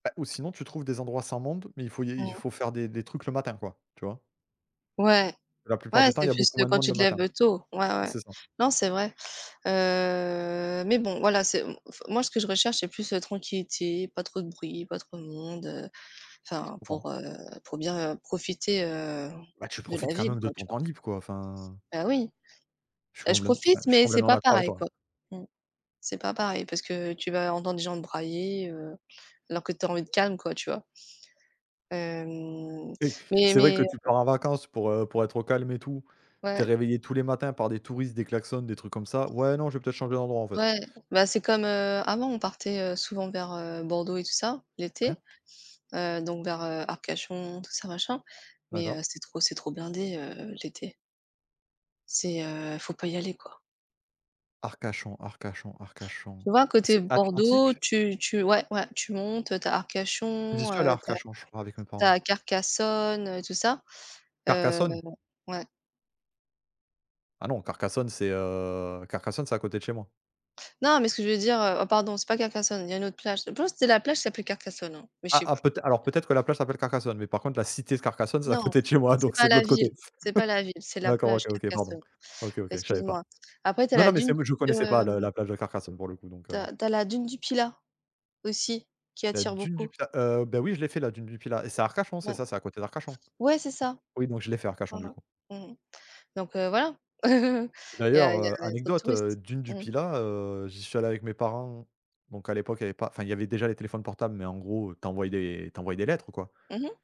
Bah, ou sinon tu trouves des endroits sans monde, mais il faut il y il y il Mmh. faut faire des des trucs le matin, quoi, tu vois? Ouais. La plupart Ouais, du temps, il c'est y a plus, beaucoup heu, moins de quand monde tu le te lèves, matin. heu, tôt, ouais, ouais. C'est ça. Non, c'est vrai. Heu, mais bon, voilà, c'est m m f moi ce que je recherche, c'est plus la tranquillité, pas trop de bruit, pas trop de monde, heu Ouais, je enfin comprends. pour, heu, pour bien, heu, profiter, heu, Bah, tu de profites la quand ville, même de quoi, tu ton vois? temps libre, quoi, enfin. Bah oui, Je suis et je complètem enfin, profite je suis mais c'est complètement pas d'accord avec pareil, toi, hein. quoi. Mmh. C'est pas pareil parce que tu vas entendre des gens brailler, heu, alors que tu as envie de calme quoi, tu vois? Hem, Et mais c'est vrai que mais tu pars en vacances pour, heu, pour être au calme et tout. Tu es Ouais. réveillé tous les matins par des touristes, des klaxons, des trucs comme ça. Ouais non, je vais peut-être changer d'endroit, en fait. Ouais. Bah, c'est comme, heu, avant on partait, heu, souvent vers, heu, Bordeaux et tout ça l'été, Hein? heu, donc vers, heu, Arcachon, tout ça, machin mais heu, D'accord. c'est trop c'est trop blindé, heu, l'été. C'est, heu, faut pas y aller, quoi. Arcachon, Arcachon, Arcachon. Tu vois? Côté C'est Bordeaux, Atlantique? tu tu ouais, ouais, tu montes, heu, tu as J'y Arcachon, suis allé à heu, tu as Arcachon, je crois, avec mes tu parents. as Carcassonne, heu, et tout ça. Heu, Carcassonne? ouais. Ah non, Carcassonne, c'est, heu, Carcassonne, c'est à côté de chez moi. Non, mais ce que je veux dire, heu, oh pardon, c'est pas Carcassonne, il y a une autre plage. Je pense que c'était la plage qui s'appelait Carcassonne, hein, mais je Ah, sais ah, plus. peut-ê alors peut-être que la plage s'appelle Carcassonne, mais par contre la cité de Carcassonne, c'est à Non, côté de chez moi, c'est donc pas c'est de la l'autre côté. ville, c'est pas la ville, c'est la D'accord, plage OK, OK, pardon. Carcassonne. OK, OK, je Excuse savais pas. moi. Après, tu as Non, non, la mais dune c'est m je du, connaissais pas le hem la plage de Carcassonne pour le coup donc tu heu as tu as la dune du Pilat aussi, qui La attire dune du beaucoup. Pilat? Heu, beh, oui, je l'ai fait la dune du Pilat et c'est à Arcachon, c'est Ben, ça? C'est à côté d'Arcachon? ouais, c'est ça. Oui, donc je l'ai fait Arcachon, Hein, du hein. coup. Mmh mh donc heu, voilà. Il y D'ailleurs, a il y a heu, il y a trop de anecdote, heu, touristes. dune du Mmh. Pilat, heu, j'y suis allé avec mes parents donc à l'époque il y avait pas enfin, il y avait déjà les téléphones portables mais en gros, tu envoyais des tu envoyais des lettres, quoi. Mmh mh.